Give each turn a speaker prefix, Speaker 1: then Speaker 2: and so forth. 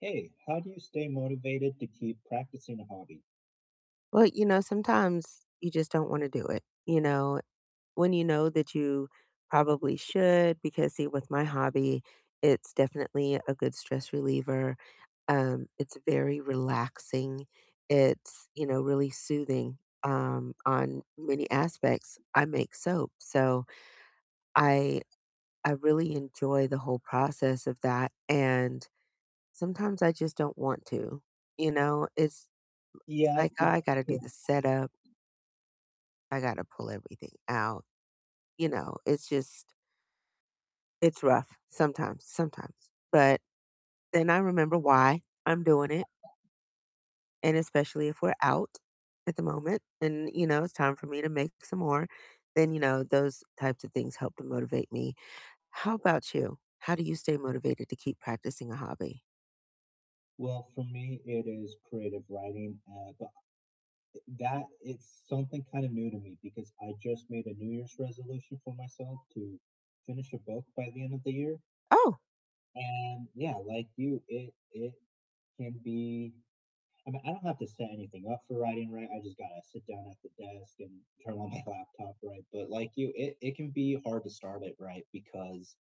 Speaker 1: Hey, how do you stay motivated to keep practicing a hobby?
Speaker 2: Well, you know, sometimes you just don't want to do it, you know, when you know that you probably should because, see, with my hobby, it's definitely a good stress reliever, um, it's very relaxing, it's, you know, really soothing, um, on many aspects. I make soap, so I I really enjoy the whole process of that, and sometimes I just don't want to, you know, it's it's,
Speaker 1: Yeah, I
Speaker 2: like,
Speaker 1: think
Speaker 2: I got to
Speaker 1: so.
Speaker 2: do the setup I got to pull everything out. You know, it's just it's rough sometimes sometimes, but then I remember why I'm doing it. And especially if we're out at the moment and, you know, it's time for me to make some more, then, you know, those types of things help to motivate me. How about you, how do you stay motivated to keep practicing a hobby?
Speaker 1: Well, for me it is creative writing, uh, but uh that is something kind of new to me because I just made a New Year's resolution for myself to finish a book by the end of the year
Speaker 2: Oh.
Speaker 1: and, yeah, like you, it it can be I mean, I don't have to set anything up for writing, right? I just gotta sit down at the desk and turn on my laptop, right? But like you, it it can be hard to start it, right? Because